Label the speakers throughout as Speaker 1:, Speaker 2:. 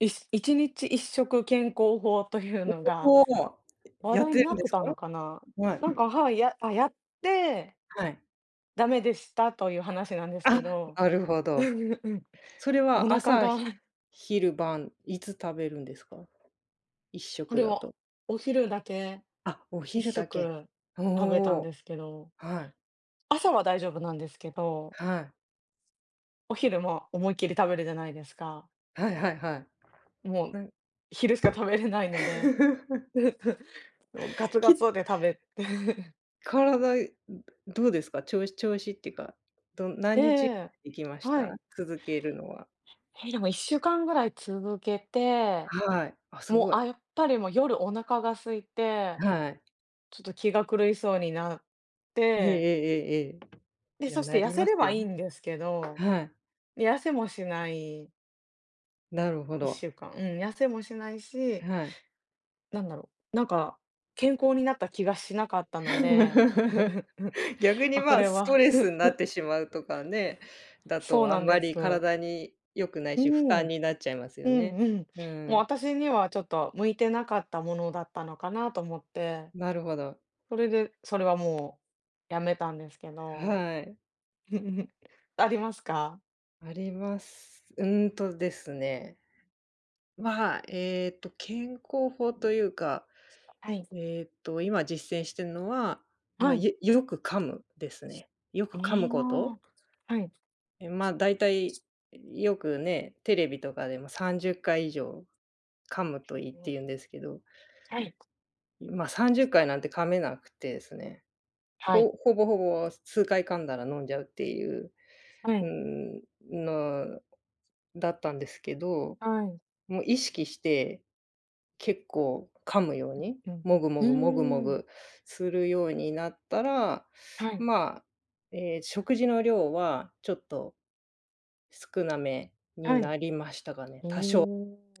Speaker 1: いっし1日1食健康法というのが、
Speaker 2: おお、ほう。
Speaker 1: 話
Speaker 2: やっ
Speaker 1: 題
Speaker 2: て
Speaker 1: に
Speaker 2: る
Speaker 1: なっ
Speaker 2: んで
Speaker 1: て
Speaker 2: す
Speaker 1: たの
Speaker 2: か？
Speaker 1: かな、
Speaker 2: はい。
Speaker 1: なんかはい、やあ、やって
Speaker 2: はい。
Speaker 1: だめでしたという話なんですけ
Speaker 2: あ、
Speaker 1: ど。
Speaker 2: あるほ
Speaker 1: う
Speaker 2: ど。
Speaker 1: んうんうん。
Speaker 2: それ
Speaker 1: お
Speaker 2: は、
Speaker 1: 腹
Speaker 2: 朝
Speaker 1: が
Speaker 2: ひ昼晩いつ食べるんですか？いっしょ
Speaker 1: こ
Speaker 2: く
Speaker 1: れ
Speaker 2: だ
Speaker 1: は、
Speaker 2: と。
Speaker 1: お昼だけ、
Speaker 2: あ、お
Speaker 1: いっ
Speaker 2: 昼
Speaker 1: しょ
Speaker 2: だけ、
Speaker 1: く、
Speaker 2: お
Speaker 1: 食べたん
Speaker 2: お、
Speaker 1: ですけど。
Speaker 2: はい。
Speaker 1: 朝は大丈夫なんですけど
Speaker 2: はい。
Speaker 1: お昼も、思いっきり食べるじゃないですか。
Speaker 2: はいはいはい。
Speaker 1: もう
Speaker 2: うん。
Speaker 1: 昼しか食べれないので、もう、ガツ
Speaker 2: き
Speaker 1: ガ
Speaker 2: っ
Speaker 1: ツで食べて。
Speaker 2: 体、うどうですか？ちょう調子っていうか、ど何
Speaker 1: でえ
Speaker 2: 日
Speaker 1: え、
Speaker 2: 行きまし
Speaker 1: は
Speaker 2: た？
Speaker 1: い。
Speaker 2: 続けるのは？
Speaker 1: へ、でも1週間ぐらい続けて、
Speaker 2: はい、あ、す
Speaker 1: も
Speaker 2: ご
Speaker 1: う、
Speaker 2: い。
Speaker 1: あ、やっぱりもう夜お腹が空いて、
Speaker 2: はい。
Speaker 1: ちょっと気が狂いそうになっ
Speaker 2: えええ
Speaker 1: て
Speaker 2: ええええ
Speaker 1: で、
Speaker 2: え。や、
Speaker 1: そし
Speaker 2: な
Speaker 1: て痩
Speaker 2: り
Speaker 1: せ
Speaker 2: ます
Speaker 1: れ
Speaker 2: よ
Speaker 1: ばいい
Speaker 2: ね。
Speaker 1: んですけど、
Speaker 2: はい。
Speaker 1: 痩せもしない。
Speaker 2: なるほ
Speaker 1: いっし
Speaker 2: ど。
Speaker 1: ゅうかん、うん、痩せもしないし
Speaker 2: はい。
Speaker 1: なんだろう、なんか、健康になった気がしなかったので。
Speaker 2: 逆に
Speaker 1: あ、こ
Speaker 2: まあ、
Speaker 1: れ
Speaker 2: スト
Speaker 1: は
Speaker 2: レスんなっ てしまうとかね、だ
Speaker 1: そう
Speaker 2: とあ
Speaker 1: な
Speaker 2: ん
Speaker 1: ん
Speaker 2: ま
Speaker 1: です。
Speaker 2: り体に良くない
Speaker 1: う
Speaker 2: し、負
Speaker 1: ん。
Speaker 2: 担になっちゃいます
Speaker 1: う
Speaker 2: よね。
Speaker 1: んうん。
Speaker 2: う
Speaker 1: もう、
Speaker 2: ん。
Speaker 1: 私にはちょっと向いてなかったものだったのかなと思って。
Speaker 2: なるほど。
Speaker 1: それで、それはもうやめたんですけど。
Speaker 2: はい。
Speaker 1: ありますか？
Speaker 2: あります、うーんと、ですね。まあ、ええと、健康法というか、
Speaker 1: すとあい。
Speaker 2: ええと、今実践してんのは、ま
Speaker 1: は
Speaker 2: あ、
Speaker 1: い。
Speaker 2: いえ、よよく噛むですね。よく噛
Speaker 1: ね
Speaker 2: む
Speaker 1: い、ま
Speaker 2: こと。
Speaker 1: あ。はい。
Speaker 2: え、まあ、大体、うよく、ね、テレビとかでも30回以上、噛むといいってい うんですけど。
Speaker 1: はい、く
Speaker 2: うまあ、さんじゅ
Speaker 1: す
Speaker 2: っかいなんて噛めなくてですね。
Speaker 1: は
Speaker 2: ほ
Speaker 1: い。
Speaker 2: ほぼほぼ、す数回噛んだら飲んじゃうっていう。
Speaker 1: は
Speaker 2: うー
Speaker 1: い。
Speaker 2: ん。の、だったんですけど。
Speaker 1: はい。
Speaker 2: もう、意識して、結構噛むように、
Speaker 1: うん
Speaker 2: もぐも
Speaker 1: う
Speaker 2: ぐもぐ
Speaker 1: ん。
Speaker 2: も
Speaker 1: うーん。
Speaker 2: ぐ、するようになったら、
Speaker 1: はい。
Speaker 2: まあ、ええ、食事の量はちょっと、少なめに
Speaker 1: はい。
Speaker 2: なりましたかね、
Speaker 1: お
Speaker 2: 多少、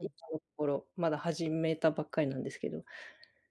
Speaker 2: 今のところまだ始めたばっかりなんですけど。